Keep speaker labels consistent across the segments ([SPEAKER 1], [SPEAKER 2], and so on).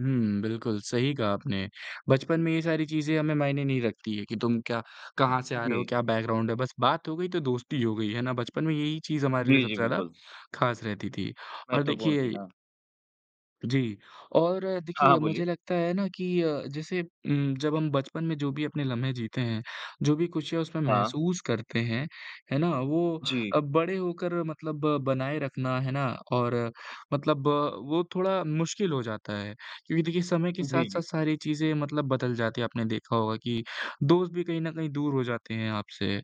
[SPEAKER 1] हुँ, बिल्कुल, सही कहा आपने। बचपन में ये सारी चीज़ें हमें मायने नहीं रखती है कि तुम क्या कहाँ से आ रहे हो,
[SPEAKER 2] जी।
[SPEAKER 1] क्या बैकग्राउंड है, बस बात हो गई, तो दोस्ती हो गई, है ना? बचपन में यही चीज़ हमारे लिए
[SPEAKER 2] जी, जी,
[SPEAKER 1] सबसे ज़्यादा
[SPEAKER 2] बिल्कुल।
[SPEAKER 1] खास रहती थी। और
[SPEAKER 2] महत्वपूर्ण
[SPEAKER 1] देखिए
[SPEAKER 2] थी, हाँ।
[SPEAKER 1] जी, और
[SPEAKER 2] हाँ,
[SPEAKER 1] देखिए
[SPEAKER 2] हाँ,
[SPEAKER 1] मुझे
[SPEAKER 2] बोलिए।
[SPEAKER 1] लगता है ना कि अ, जैसे उम, जब हम बचपन में जो भी अपने लम्हें जीते हैं, जो भी खुशियाँ उसमें
[SPEAKER 2] हाँ।
[SPEAKER 1] महसूस करते हैं, है ना? वो
[SPEAKER 2] जी।
[SPEAKER 1] अब बड़े होकर मतलब बनाए रखना, है ना, और मतलब वो थोड़ा मुश्किल हो जाता है। क्योंकि देखिए समय के
[SPEAKER 2] जी,
[SPEAKER 1] साथ-साथ
[SPEAKER 2] जी।
[SPEAKER 1] सारी चीज़ें मतलब बदल जाती हैं आपने देखा होगा कि दोस्त भी कहीं न कहीं दूर हो जाते हैं आपसे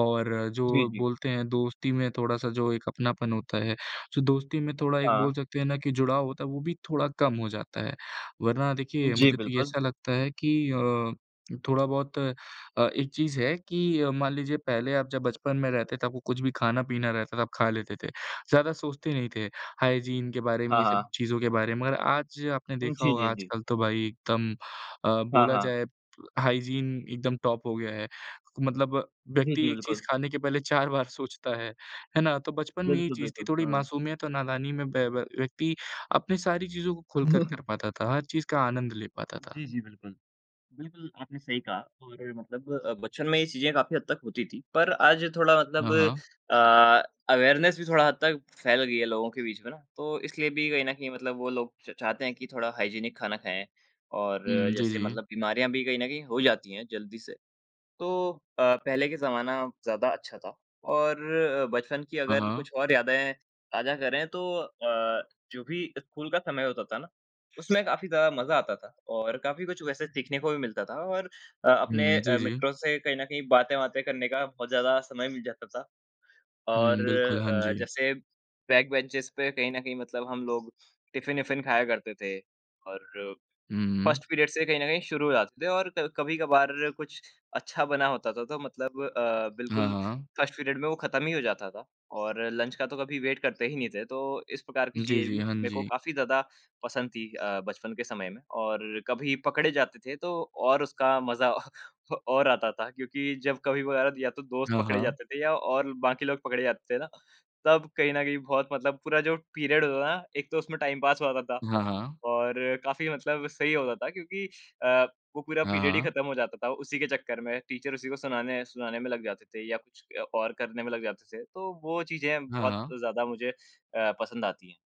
[SPEAKER 1] और
[SPEAKER 2] जी,
[SPEAKER 1] जो
[SPEAKER 2] जी।
[SPEAKER 1] बोलते हैं दोस्ती में थोड़ा-सा जो एक अपनापन होता है, जो दोस्ती में थोड़ा एक बोल
[SPEAKER 2] हाँ।
[SPEAKER 1] सकते हैं ना कि जुड़ाव होता है, वो भी थोड़ा कम हो जाता है। वरना देखिए,
[SPEAKER 2] जी,
[SPEAKER 1] मुझे तो
[SPEAKER 2] बिल्कुल।
[SPEAKER 1] ऐसा लगता है कि अ, थोड़ा-बहुत अ, एक चीज़ है कि अ, मान लीजिए पहले आप जब बचपन में रहते थे, तो आप कुछ भी खाना-पीना रहता था, आप खा लेते थे, ज़्यादा सोचते नहीं थे, हाइजीन के बारे में
[SPEAKER 2] हाँ,
[SPEAKER 1] ये
[SPEAKER 2] हाँ।
[SPEAKER 1] सब चीज़ों के बारे में और आज आपने
[SPEAKER 2] उम,
[SPEAKER 1] देखा
[SPEAKER 2] जी,
[SPEAKER 1] होगा
[SPEAKER 2] जी, जी।
[SPEAKER 1] आजकल तो भाई एकदम अ,
[SPEAKER 2] हाँ,
[SPEAKER 1] बोला
[SPEAKER 2] हाँ।
[SPEAKER 1] जाए हाइजीन एकदम टॉप हो गया है। मतलब
[SPEAKER 2] जी,
[SPEAKER 1] व्यक्ति
[SPEAKER 2] जी,
[SPEAKER 1] 1 चीज़
[SPEAKER 2] बिल्कुल।
[SPEAKER 1] खाने के पहले 4 सोचता है, है ना? तो बचपन में ये
[SPEAKER 2] बिल्कुल,
[SPEAKER 1] चीज़ थी,
[SPEAKER 2] बिल्कुल,
[SPEAKER 1] थोड़ी
[SPEAKER 2] हाँ।
[SPEAKER 1] मासूमियत और नादानी में ब व्य व्यक्ति अपनी सारी चीज़ों को खुलकर कर पाता था, हर चीज़ का आनंद ले पाता था।
[SPEAKER 2] जी, जी, बिल्कुल। बिल्कुल, आपने सही कहा और मतलब अ, बचपन में ये चीज़ें काफ़ी हद तक होती थीं, पर आज थोड़ा
[SPEAKER 1] हाँ,
[SPEAKER 2] मतलब
[SPEAKER 1] हाँ।
[SPEAKER 2] अ, अवेयरनेस भी थोड़ा हद तक फैल गई है लोगों के बीच में ना। तो इसलिए भी कहीं न कहीं मतलब वो लोग च चाहते हैं कि थोड़ा हाइजीनिक खाना खाएँ और
[SPEAKER 1] हुँ, जी,
[SPEAKER 2] जैसे
[SPEAKER 1] जी।
[SPEAKER 2] मतलब बीमारियाँ भी कहीं न कहीं हो ही जाती हैं जल्दी से। तो अ, पहले के ज़माना ज़्यादा अच्छा था और अ, बचपन की
[SPEAKER 1] हाँ,
[SPEAKER 2] अगर
[SPEAKER 1] हाँ।
[SPEAKER 2] कुछ और यादें ताजा करें तो अ, जो भी स्कूल का समय होता था ना, उसमें काफ़ी ज़्यादा मज़ा आता था और काफ़ी कुछ वैसे सीखने को भी मिलता था और अ,
[SPEAKER 1] हुँ,
[SPEAKER 2] अपने
[SPEAKER 1] हुँ, जी,
[SPEAKER 2] अ,
[SPEAKER 1] जी।
[SPEAKER 2] मित्रों से कहीं न कहीं बातें-वातें करने का बहुत ज़्यादा समय मिल जाता था। और
[SPEAKER 1] हुँ, बिल्कुल। हाँ
[SPEAKER 2] अ,
[SPEAKER 1] जी।
[SPEAKER 2] जैसे बैक बेंचेज़ पे कहीं न कहीं मतलब हम लोग टिफिन-इफिन खाया करते थे, और
[SPEAKER 1] हुँ, हुँ।
[SPEAKER 2] 1st पीरियड से ही कहीं न कहीं शुरू हो जाते थे और क कभी-कभार कुछ अच्छा बना होता था, तो मतलब अ,
[SPEAKER 1] हाँ,
[SPEAKER 2] बिल्कुल
[SPEAKER 1] हाँ।
[SPEAKER 2] 1st पीरियड में वो खत्म ही हो जाता था और लंच का तो कभी वेट करते ही नहीं थे, तो इस प्रकार की
[SPEAKER 1] जी,
[SPEAKER 2] चीज़ें
[SPEAKER 1] जी,
[SPEAKER 2] भी
[SPEAKER 1] हाँ
[SPEAKER 2] मेको
[SPEAKER 1] जी।
[SPEAKER 2] काफ़ी ज़्यादा पसंद थीं। अ, बचपन के समय में और कभी पकड़े जाते थे तो और उसका मज़ा अ अ, और आता था क्योंकि जब कभी वगैरह या तो दोस्त
[SPEAKER 1] हाँ,
[SPEAKER 2] पकड़े
[SPEAKER 1] हाँ।
[SPEAKER 2] जाते थे या और बाकी लोग पकड़े जाते थे ना, तब कहीं न कहीं बहुत मतलब पूरा जो पीरियड होता था ना, एक तो उसमें टाइम पास होता था,
[SPEAKER 1] हाँ, हाँ।
[SPEAKER 2] और काफ़ी मतलब सही होता था क्योंकि अ, वो पूरा
[SPEAKER 1] हाँ,
[SPEAKER 2] पीरियड ही
[SPEAKER 1] हाँ।
[SPEAKER 2] खत्म हो जाता था उसी के चक्कर में। टीचर उसी को सुनाने सुनाने में लग जाते थे या कुछ अ, और करने में लग जाते थे, तो वो चीज़ें
[SPEAKER 1] हाँ,
[SPEAKER 2] बहुत
[SPEAKER 1] हाँ।
[SPEAKER 2] ज़्यादा मुझे अ, पसंद आती हैं।